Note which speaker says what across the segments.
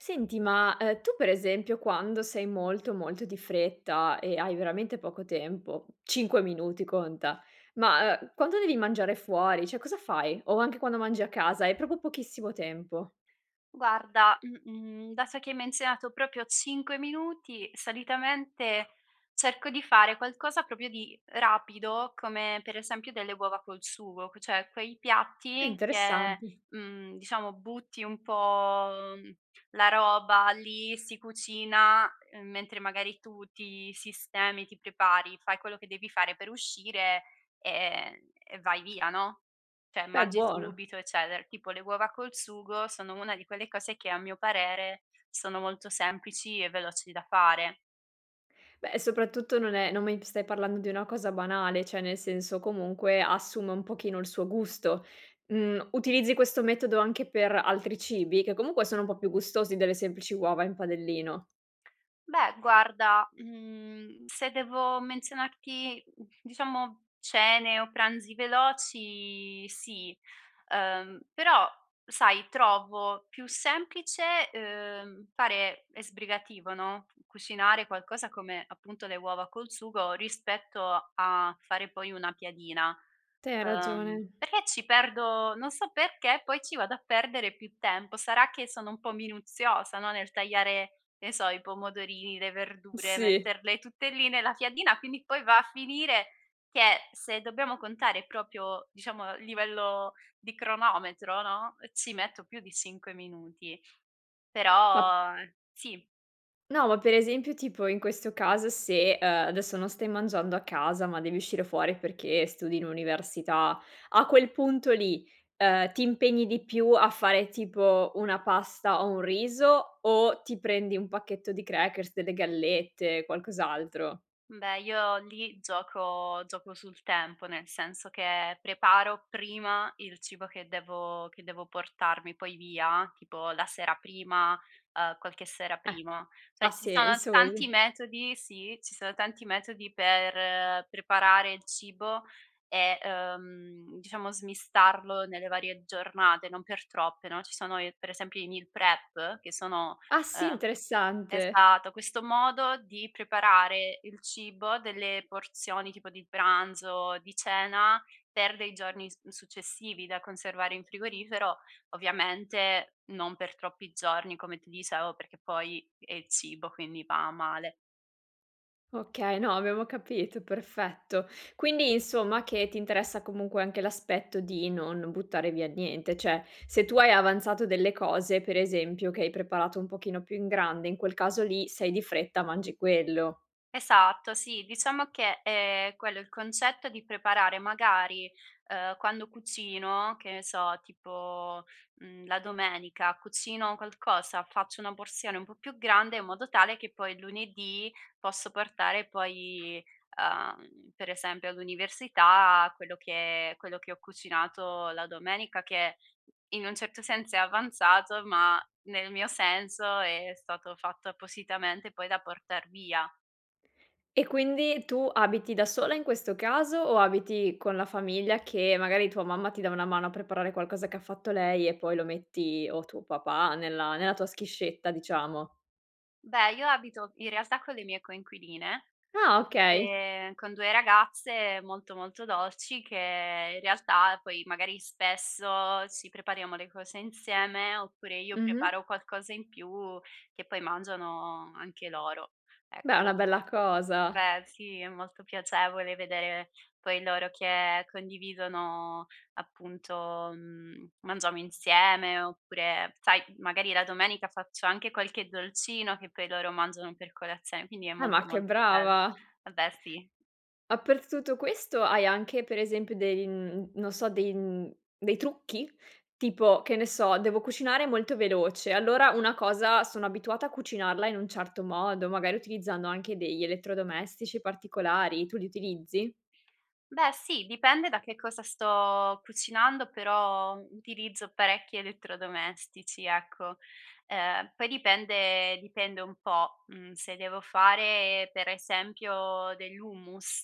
Speaker 1: Senti, ma, ehm, tu, per esempio, quando sei molto, molto di fretta e hai veramente poco tempo, 5 minuti, conta, ma, uhm, quando devi mangiare fuori, cioè, cosa fai? O anche quando mangi a casa e hai proprio pochissimo tempo?
Speaker 2: Guarda, mhmm, mhmm, dato che hai menzionato proprio 5 minuti, solitamente cerco di fare qualcosa proprio di rapido come, per esempio, delle uova col sugo q c cioè, quei piatti che,
Speaker 1: Interessante.
Speaker 2: mhmm, diciamo, butti un po', mhmm, la roba lì, si cucina, uhm, mentre, magari, tu ti sistemi, ti prepari, fai quello che devi fare per uscire e e vai via, no, cioè,
Speaker 1: Beh,
Speaker 2: mangi
Speaker 1: buona.
Speaker 2: subito eccetera. Tipo, le uova col sugo sono una di quelle cose che, a mio parere, sono molto semplici e veloci da fare.
Speaker 1: Beh, soprattutto, non è non mi t stai parlando di una cosa banale. Cioè, nel senso, comunque, assume un pochino il suo gusto. Mhmm, utilizzi questo metodo anche per altri cibi che, comunque, sono un po' più gustosi delle semplici uova in padellino?
Speaker 2: Beh, guarda, mhmm, se devo menzionarti, diciamo, cene o pranzi veloci, sì. Ehm, però, sai, trovo più semplice, ehm, fare e sbrigativo no, cucinare qualcosa come, appunto, le uova col sugo, rispetto a fare, poi, una piadina.
Speaker 1: Te, hai
Speaker 2: Ehm,
Speaker 1: ragione.
Speaker 2: perché ci perdo non so perché, poi ci vado a perdere più tempo. Sarà che sono un po' minuziosa, no, nel tagliare, che ne so, i pomodorini, le verdure,
Speaker 1: Sì.
Speaker 2: metterle tutte lì nella piadina quindi, poi, va a finire che, se dobbiamo contare proprio, diciamo a livello di cronometro, no, ci metto più di 5 minuti,
Speaker 1: Ma...
Speaker 2: però sì.
Speaker 1: No, ma, per esempio, tipo in questo caso, se, uhm, adesso non stai mangiando a casa ma devi uscire fuori perché studi in università. A quel punto lì, uhm, ti impegni di più a fare, tipo, una pasta o un riso, o ti prendi un pacchetto di crackers, delle gallette, qualcos'altro?
Speaker 2: Beh, io lì gioco gioco sul tempo, nel senso che preparo prima il cibo che devo che devo portarmi poi via, tipo la sera prima, uhm, qualche sera
Speaker 1: Eh,
Speaker 2: prima. Cioè,
Speaker 1: ha
Speaker 2: ci sono
Speaker 1: senso
Speaker 2: tanti
Speaker 1: così.
Speaker 2: metodi sì, ci sono tanti metodi per preparare il cibo e, ehm, diciamo, smistarlo nelle varie giornate, non per troppe, no, ci sono i per esempio, i meal prep, che sono
Speaker 1: Ah, sì,
Speaker 2: ehm,
Speaker 1: interessante.
Speaker 2: esatto, questo modo di preparare il cibo, delle porzioni tipo di pranzo, di cena per dei giorni su successivi da conservare in frigorifero, ovviamente non per troppi giorni come ti dicevo, perché poi è il cibo, quindi va a male.
Speaker 1: Okay, no, avevo capito, perfetto. Quindi, insomma, che ti interessa comunque anche l'aspetto di non buttare via niente. Cioè, se tu hai avanzato delle cose, per esempio, che hai preparato un pochino più in grande, in quel caso lì sei di fretta, mangi quello.
Speaker 2: Esatto. Sì, diciamo che, ehm, è quello, il concetto di preparare magari, uhm, quando cucino che ne so, tipo, mhmm, la domenica cucino qualcosa, faccio una porzione un po' più grande in modo tale che poi lunedì posso portare poi, uhm, per esempio all'università quello che quello che ho cucinato la domenica, che in un certo senso è avanzato, ma nel mio senso è stato fatto appositamente poi da portar via.
Speaker 1: E quindi tu abiti da sola, in questo caso o abiti con la famiglia, che magari tua mamma ti dà una mano a preparare qualcosa che ha fatto lei e poi lo metti o tuo papà, nella nella tua schiscetta, diciamo?
Speaker 2: Beh, io abito in realtà con le mie coinquiline,
Speaker 1: Ah, okay!
Speaker 2: ehm, con 2 ragazze molto, molto dolci, che in realtà poi magari spesso ci prepariamo le cose insieme, oppure io
Speaker 1: Mh-mh.
Speaker 2: preparo qualcosa in più che poi mangiano anche loro,
Speaker 1: Beh, è una
Speaker 2: ecco.
Speaker 1: bella cosa.
Speaker 2: Beh, sì, è molto piacevole vedere poi loro che condividono, appunto uhm, mangiamo insieme, oppure sai, magari la domenica faccio anche qualche dolcino che poi loro mangiano per colazione, quindi è
Speaker 1: Eh, ma
Speaker 2: molto,
Speaker 1: che
Speaker 2: molto bello
Speaker 1: brava!
Speaker 2: vabbè sì.
Speaker 1: A per t tutto questo, hai anche per esempio dei uhm, non so dei uhm, dei trucchi? Tipo, che ne so, devo cucinare molto veloce, allora una cosa sono abituata a cucinarla in un certo modo, magari utilizzando anche degli elettrodomestici particolari, tu li utilizzi?
Speaker 2: Beh, sì, dipende da che cosa sto cucinando, però utilizzo parecchi elettrodomestici ecco, ehm, poi dipende dipende un po', uhm, se devo fare per esempio dell'hummus,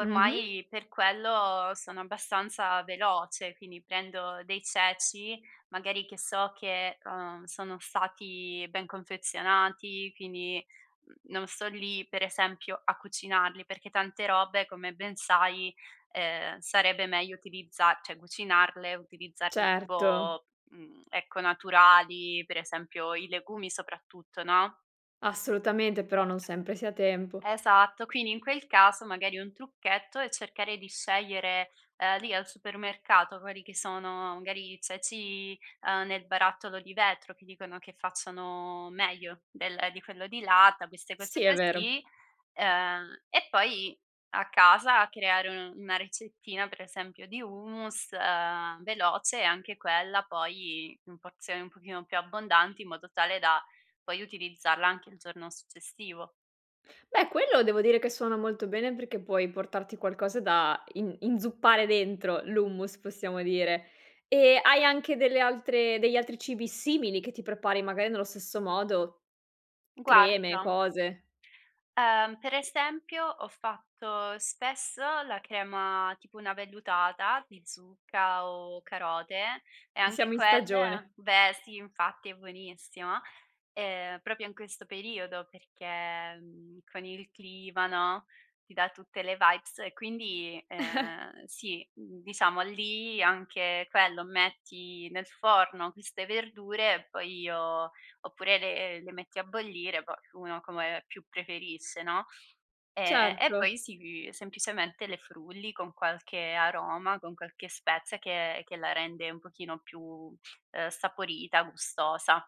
Speaker 1: Mh-mh.
Speaker 2: per quello sono abbastanza veloce, quindi prendo dei ceci magari che so che, uhm, sono stati ben confezionati, quindi, non sto lì per esempio a cucinarli, perché tante robe come ben sai, ehm, sarebbe meglio utilizza cioè cucinarle, utilizzarle
Speaker 1: Certo.
Speaker 2: tipo uhm, ecco naturali per esempio i legumi soprattutto, no?
Speaker 1: Assolutamente, però non sempre si ha tempo.
Speaker 2: Esatto. Quindi in quel caso magari un trucchetto è cercare di scegliere, ehm, lì al supermercato quelli che sono magari i ceci, uhm, nel barattolo di vetro che dicono che facciano meglio del di quello di latta, queste
Speaker 1: Sì,
Speaker 2: cose
Speaker 1: è vero.
Speaker 2: così, uhm, e poi a casa creare, uhm, una ricettina per esempio di hummus, ehm, veloce e anche quella poi in porzioni un pochino più abbondanti in modo tale da poi utilizzarla anche il giorno successivo.
Speaker 1: Beh, quello devo dire che suona molto bene perché puoi portarti qualcosa da in inzuppare dentro l'hummus, possiamo dire. E hai anche delle altre degli altri cibi simili, che ti prepari magari nello stesso modo? Creme,
Speaker 2: Guarda
Speaker 1: cose?
Speaker 2: Uhm, per esempio ho fatto spesso la crema, tipo una vellutata di zucca o carote e
Speaker 1: I
Speaker 2: anche
Speaker 1: siamo in stagione.
Speaker 2: quelle beh, sì, infatti è buonissima! Ehm, proprio in questo periodo perché, mhmm, con il clima, no, ti dà tutte le vibes e quindi, ehm, sì, uhm, diciamo lì anche quello, metti nel forno queste verdure e poi io oppure le le metti a bollire, poi uno come più preferisce, no? Ehm, e
Speaker 1: Certo.
Speaker 2: poi sì, semplicemente le frulli con qualche aroma, con qualche spezia che che la rende un pochino più, ehm, saporita, gustosa.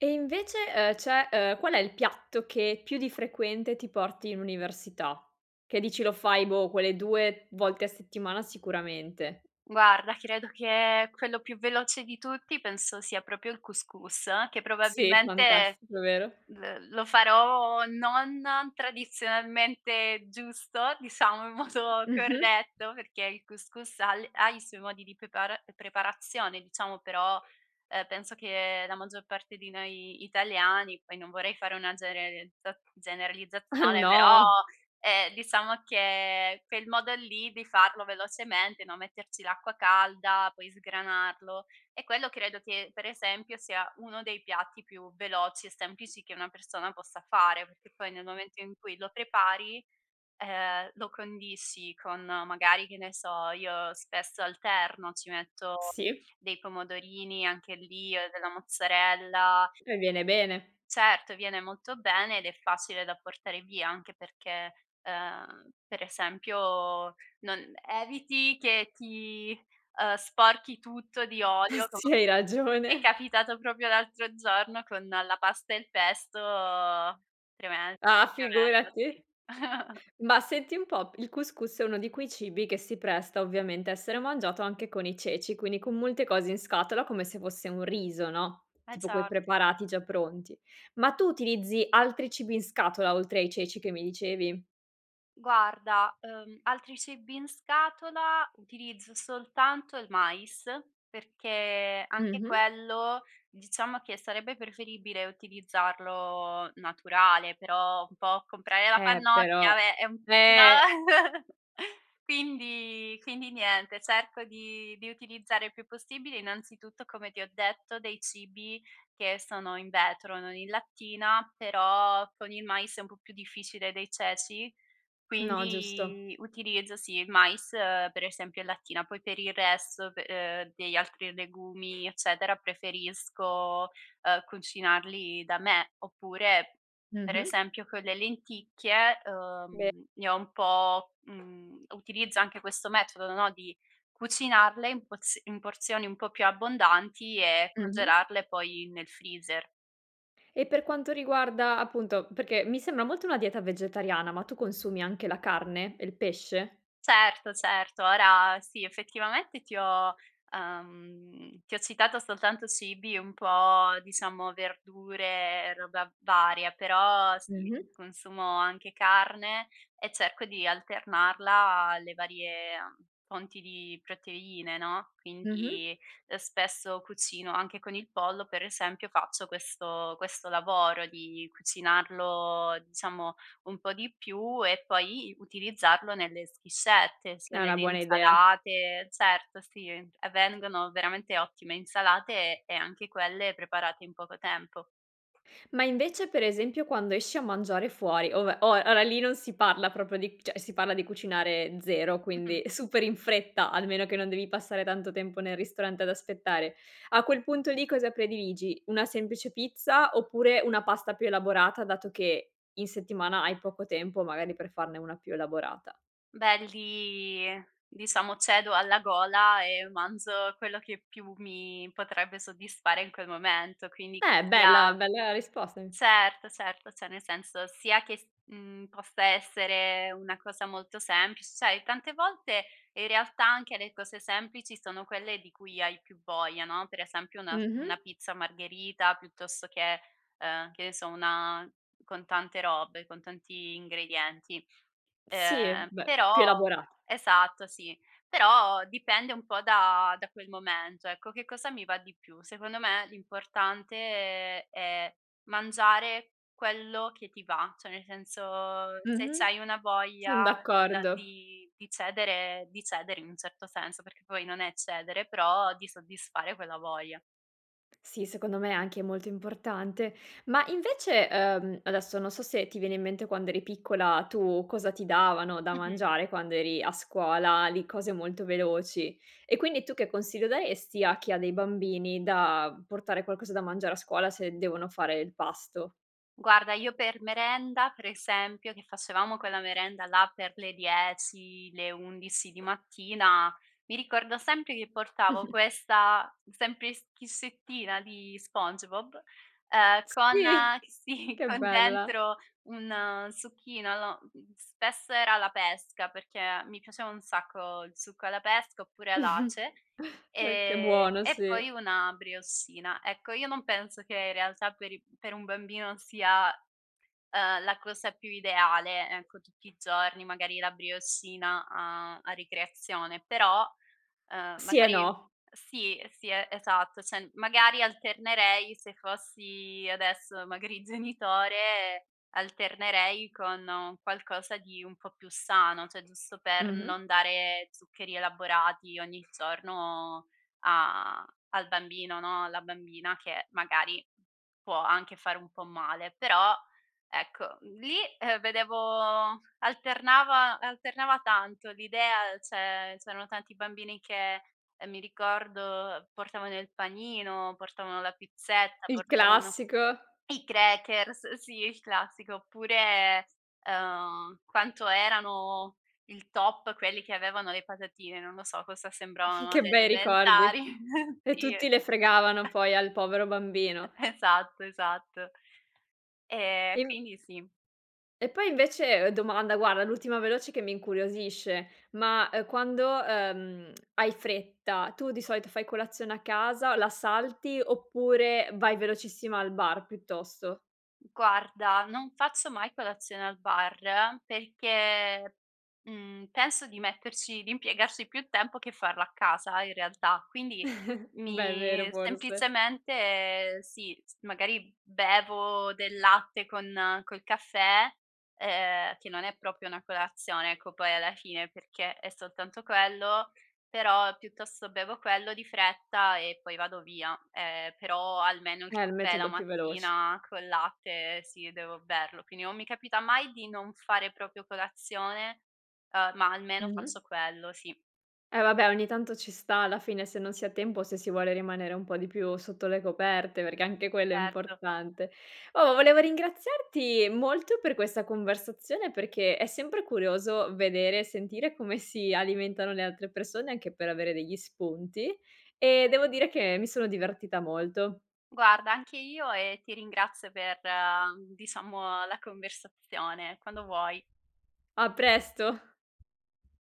Speaker 1: E invece, uhm, cioè, uhm, qual è il piatto che più di frequente ti porti in università? Che dici lo fai, boh, quelle 2 volte a settimana, sicuramente.
Speaker 2: Guarda, credo che quello più veloce di tutti penso sia proprio il cous cous, che
Speaker 1: Sì,
Speaker 2: probabilmente,
Speaker 1: fantastico, vero?
Speaker 2: l lo farò non tradizionalmente giusto, diciamo in modo
Speaker 1: Mh-mh.
Speaker 2: corretto, perché il cous cous ha le ha i suoi modi di prepara preparazione diciamo, però, ehm, penso che la maggior parte di noi italiani, poi non vorrei fare una gererizza generalizzazione, però,
Speaker 1: No.
Speaker 2: ehm, diciamo che quel modo lì di farlo velocemente, no, metterci l'acqua calda, poi sgranarlo, e quello credo che per esempio sia uno dei piatti più veloci e semplici che una persona possa fare. Che poi nel momento in cui lo prepari, ehm, lo condisci con magari che ne so, io spesso alterno ci metto
Speaker 1: Sì.
Speaker 2: dei pomodorini anche lì, uhm, della mozzarella.
Speaker 1: E viene bene?
Speaker 2: Certo, viene molto bene ed è facile da portare via, anche perché, uhm, per esempio non eviti che ti, uhm, sporchi tutto di olio, come
Speaker 1: Sì, hai
Speaker 2: mi è
Speaker 1: ragione.
Speaker 2: capitato proprio l'altro giorno con la pasta e il pesto, tremen
Speaker 1: Ah,
Speaker 2: tremendo,
Speaker 1: figurati.
Speaker 2: sì.
Speaker 1: Ma senti un po', il cous cous è uno di quei cibi che si presta ovviamente a essere mangiato anche con i ceci, quindi con molte cose in scatola, come se fosse un riso, no,
Speaker 2: Eh,
Speaker 1: tipo quei
Speaker 2: certo.
Speaker 1: preparati già pronti. Ma tu utilizzi altri cibi in scatola oltre ai ceci che mi dicevi?
Speaker 2: Guarda, uhm, altri cibi in scatola, utilizzo soltanto il mais, perché anche
Speaker 1: Mh-mh.
Speaker 2: quello diciamo che sarebbe preferibile utilizzarlo naturale, però un po' comprare la
Speaker 1: Eh,
Speaker 2: pannocchia,
Speaker 1: però
Speaker 2: vabbè è è un p po
Speaker 1: eh!
Speaker 2: quindi quindi niente, cerco di di utilizzare il più possibile, innanzitutto come ti ho detto dei cibi che sono in vetro, non in lattina, però con il mais è un po' più difficile dei ceci,
Speaker 1: No, giusto.
Speaker 2: quindi utilizzo, sì, il mais, uhm, per esempio in lattina, poi per il resto, pe ehm, degli altri legumi, eccetera, preferisco, ehm, cucinarli da me. Oppure, per
Speaker 1: Mh-mh.
Speaker 2: esempio con le lenticchie,
Speaker 1: Be
Speaker 2: uhm, ne ho un po', uhm, utilizzo anche questo metodo, no, di cucinarle in porz in porzioni un po' più abbondanti e
Speaker 1: Mh-mh.
Speaker 2: congelarle poi nel freezer.
Speaker 1: E per quanto riguarda appunto, perché mi sembra molto una dieta vegetariana, ma tu consumi anche la carne e il pesce?
Speaker 2: Certo, certo, ora sì, effettivamente ti ho uhm, ti ho citato soltanto cibi un po' diciamo verdure e roba varia, però, sì
Speaker 1: Mh-mh.
Speaker 2: consumo anche carne e cerco di alternarla alle varie, uhm, fonti di proteine, no?
Speaker 1: Mh-mh.
Speaker 2: Quindi, uhm, spesso cucino anche con il pollo, per esempio, faccio questo questo lavoro di cucinarlo diciamo un po' di più e poi utilizzarlo nelle schiscette, sia
Speaker 1: È una
Speaker 2: nelle
Speaker 1: buona idea.
Speaker 2: insalate certo, sì, e vengono veramente ottime insalate e anche quelle preparate in poco tempo.
Speaker 1: Ma invece per esempio, quando esci a mangiare fuori, ove oa ora lì non si parla proprio di cioè, si parla di cucinare zero, quindi,
Speaker 2: Mh-mh.
Speaker 1: super in fretta, almeno che non devi passare tanto tempo nel ristorante ad aspettare. A quel punto lì, cosa prediligi? Una semplice pizza oppure una pasta più elaborata, dato che in settimana hai poco tempo magari per farne una più elaborata?
Speaker 2: Beh, lì diciamo cedo alla gola e manzo quello che più mi potrebbe soddisfare in quel momento. Quindi
Speaker 1: Beh, bella
Speaker 2: sia
Speaker 1: bella risposta mi
Speaker 2: certo, certo, cioè nel senso, sia che s mhmm, possa essere una cosa molto semplic sai tante volte in realtà anche le cose semplici sono quelle di cui hai più voglia, no, per esempio una s una
Speaker 1: Mh-mh.
Speaker 2: pizza margherita piuttosto che, uhm, che ne so, una, con tante robe, con tanti ingredienti.
Speaker 1: Sì,
Speaker 2: Ehm,
Speaker 1: beh, più
Speaker 2: però
Speaker 1: elabora
Speaker 2: esatto sì, però dipende un po' da da quel momento ecco, che cosa mi va di più. Secondo me l'importante è mangiare quello che ti va, cioè nel senso se
Speaker 1: Mh-mh.
Speaker 2: c'hai una
Speaker 1: Son
Speaker 2: voglia di la
Speaker 1: d'accordo.
Speaker 2: di di cedere di cedere in un certo senso, perché poi non è cedere però di soddisfare quella voglia.
Speaker 1: Sì, secondo me è anche molto importante. Ma invece, uhm, adesso non so se ti viene in mente quando eri piccola tu, cosa ti davano da
Speaker 2: Mh-mh.
Speaker 1: mangiare quando eri a scuola, lì, cose molto veloci, e quindi tu che consiglio daresti a chi ha dei bambini da portare qualcosa da mangiare a scuola se devono fare il pasto?
Speaker 2: Guarda io per merenda, per esempio, che facevamo quella merenda là per le 10, le 11 di mattina, mi ricordo sempre che portavo
Speaker 1: Mh-mh.
Speaker 2: questa sempli schiscettina di Spongebob, uhm, con
Speaker 1: Sì!
Speaker 2: sì
Speaker 1: Che
Speaker 2: con
Speaker 1: bella!
Speaker 2: dentro un succhino. Lo mhmm, spesso era alla pesca, perché mi piaceva un sacco il succo alla pesca, oppure all'ace,
Speaker 1: Eh, che
Speaker 2: ehm,
Speaker 1: buono,
Speaker 2: e
Speaker 1: sì.
Speaker 2: poi una brioscina. Ecco io non penso che in realtà per i per un bambino sia, uhm, la cosa più ideale, ecco, tutti i giorni magari la brioscina a a ricreazione, però, uhm,
Speaker 1: Sì e
Speaker 2: magari
Speaker 1: no.
Speaker 2: sì, sì e esatto, cioè m magari alternerei se fossi adesso, magari, genitore alternerei con un qualcosa di un po' più sano, cioè giusto per
Speaker 1: Mh-mh.
Speaker 2: non dare zuccheri elaborati ogni giorno a al bambino, no, alla bambina che magari può anche fare un po' male. Però ecco, l lì, ehm, vedevo alternava alternava tanto l'idea cioè, c'erano tanti bambini che, ehm, mi ricordo portavano il panino, portavano la pizzetta,
Speaker 1: Il
Speaker 2: portavano
Speaker 1: classico.
Speaker 2: i crackers, sì, il classico, oppure, uhm, quanto erano il top quelli che avevano le patatine, non lo so cosa sembravano
Speaker 1: Che
Speaker 2: alle
Speaker 1: bei
Speaker 2: elementari
Speaker 1: ricordi. E
Speaker 2: sì
Speaker 1: tutti le fregavano poi al povero bambino.
Speaker 2: Esatto, esatto. Ehm,
Speaker 1: E m
Speaker 2: quindi sì.
Speaker 1: e poi invece uhm, domanda, guarda, l'ultima veloce che mi incuriosisce ma, ehm, quando, uhm, hai fretta tu di solito fai colazione a casa, la salti oppure vai velocissima al bar, piuttosto?
Speaker 2: Mhmm, guarda, non faccio mai colazione al bar perché, mhmm, penso di metterci di impiegarci più tempo che farla a casa in realtà, quindi
Speaker 1: Beh, è vero
Speaker 2: mi
Speaker 1: forse.
Speaker 2: semplicemente sì s magari bevo del latte con col caffè, ehm, che non è proprio una colazione, ecco, poi alla fine, perché è soltanto quello, però piuttosto bevo quello di fretta e poi vado via, ehm, però almeno il
Speaker 1: Eh, è il
Speaker 2: caffè la
Speaker 1: metodo più veloce.
Speaker 2: mattina col latte, sì, devo berlo. Quindi non mi capita mai di non fare proprio colazione, uhm, ma almeno faccio
Speaker 1: Mh-mh.
Speaker 2: quello, sì.
Speaker 1: Eh, vabbè ogni tanto ci sta alla fine, se non si ha tempo o se si vuole rimanere un po' di più sotto le coperte, perché anche quello è
Speaker 2: Certo.
Speaker 1: importante. Oh, volevo ringraziarti molto per questa conversazione, perché è sempre curioso vedere e sentire come si alimentano le altre persone anche per avere degli spunti, e devo dire che mi sono divertita molto.
Speaker 2: Guarda anche io e ti ringrazio per, diciamo, la conversazione, quando vuoi.
Speaker 1: A presto.